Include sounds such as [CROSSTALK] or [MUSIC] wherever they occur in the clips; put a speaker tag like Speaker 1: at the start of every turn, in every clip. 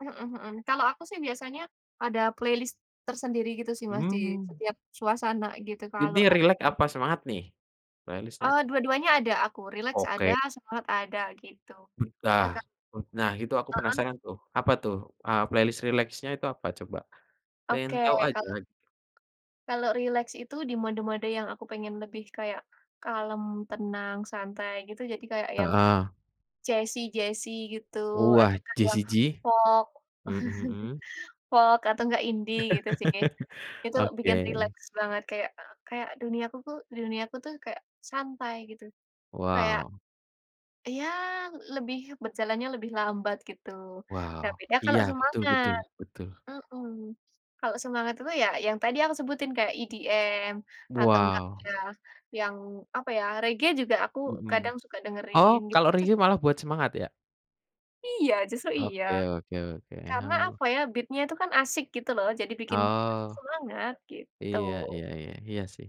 Speaker 1: Mhm mhm, kalau aku sih biasanya ada playlist tersendiri gitu sih Mas, di
Speaker 2: Mmm.
Speaker 1: setiap suasana gitu kalau
Speaker 2: Ini
Speaker 1: lagi
Speaker 2: rileks apa semangat nih, playlist-nya?
Speaker 1: Oh, dua-duanya ada aku, rileks ada,
Speaker 2: Oke.
Speaker 1: semangat ada, gitu.
Speaker 2: Mmm dah
Speaker 1: Nah, Kak
Speaker 2: mmm nah, itu aku
Speaker 1: Heeh.
Speaker 2: penasaran tuh, apa tuh, eee, playlist rileksnya itu apa coba? Pengen
Speaker 1: Oke,
Speaker 2: tahu aja
Speaker 1: kalau
Speaker 2: g
Speaker 1: kalau rileks itu di mode-mode yang aku pengen lebih kayak kalem, tenang, santai gitu. Jadi kayak, yang
Speaker 2: Heeh.
Speaker 1: jazzy-jazzy gitu, atau
Speaker 2: Wah,
Speaker 1: kayak yang
Speaker 2: Jessie J?
Speaker 1: folk.
Speaker 2: Mhm mhm.
Speaker 1: [CHUCKLES] Folk atau nggak indie gitu sih.
Speaker 2: [CHUCKLES]
Speaker 1: Itu, bikin
Speaker 2: Oke.
Speaker 1: rileks banget kayak, eee, kayak duniaku tuh duniaku tuh, kayak santai gitu. Kayak
Speaker 2: Wow.
Speaker 1: iya, lebih berjalannya lebih lambat gitu. Nah,
Speaker 2: Wow,
Speaker 1: beda kalau
Speaker 2: iya, betul
Speaker 1: semangat
Speaker 2: betul betul.
Speaker 1: mhm. Kalau semangat itu ya, yang tadi aku sebutin, kayak EDM atau nggak
Speaker 2: Wow.
Speaker 1: ya, yang apa ya, reggae juga aku kadang
Speaker 2: Mhm.
Speaker 1: suka dengerin,
Speaker 2: Oh, kalau
Speaker 1: gitu-gitu
Speaker 2: reggae
Speaker 1: sih.
Speaker 2: malah buat semangat ya?
Speaker 1: Iya, justru iya.
Speaker 2: Oke oke oke,
Speaker 1: Karena
Speaker 2: oh.
Speaker 1: apa ya, beat-nya tuh kan asik, gitu loh. Jadi, bikin
Speaker 2: Oh.
Speaker 1: semangat, gitu.
Speaker 2: Iya iya iya iya sih.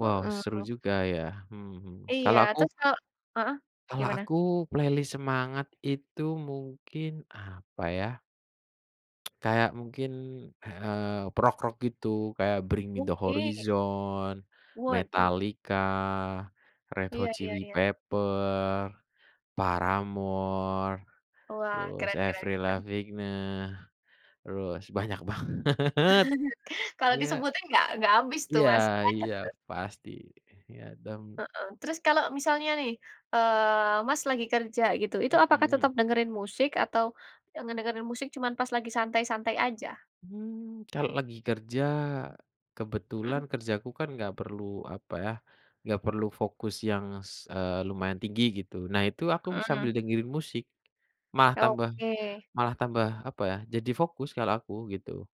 Speaker 2: Wow seru
Speaker 1: Mhm.
Speaker 2: juga ya. Mhm mhm,
Speaker 1: Iya,
Speaker 2: kalau aku
Speaker 1: terus kalau heeh,
Speaker 2: kalau
Speaker 1: gimana?
Speaker 2: aku, playlist semangat itu mungkin, apa ya? [TSK] Kayak mungkin, eee, rock-rock gitu, kayak Bring Me The
Speaker 1: Oke.
Speaker 2: Horizon,
Speaker 1: Waduh.
Speaker 2: Metallica, Red
Speaker 1: Iya
Speaker 2: Hot
Speaker 1: iya
Speaker 2: Chili
Speaker 1: iya.
Speaker 2: Pepper, Paramore,
Speaker 1: Wah,
Speaker 2: terus
Speaker 1: keren keren
Speaker 2: Avril
Speaker 1: keren.
Speaker 2: Lavigne, terus, banyak banget. [CHUCKLES]
Speaker 1: [CHUCKLES] Kalau
Speaker 2: Iya.
Speaker 1: disebutin, nggak nggak habis tuh
Speaker 2: Iya
Speaker 1: Mas. Banyak
Speaker 2: iya,
Speaker 1: tuh.
Speaker 2: pasti, iya dan
Speaker 1: Heeh, terus kalau misalnya nih, eee, Mas lagi kerja gitu, itu apakah tetap
Speaker 2: Mhm.
Speaker 1: dengerin musik atau yang ngedengerin musik cuman pas lagi santai-santai aja?
Speaker 2: Mmm, kalau lagi kerja? Kebetulan
Speaker 1: Mhm.
Speaker 2: kerjaku kan nggak perlu, apa ya, nggak perlu fokus yang s eee, lumayan tinggi gitu. Nah itu, aku
Speaker 1: Mhm.
Speaker 2: sambil dengerin musik. Malah tambah
Speaker 1: Oke.
Speaker 2: malah tambah, apa ya, jadi fokus kalau aku, gitu.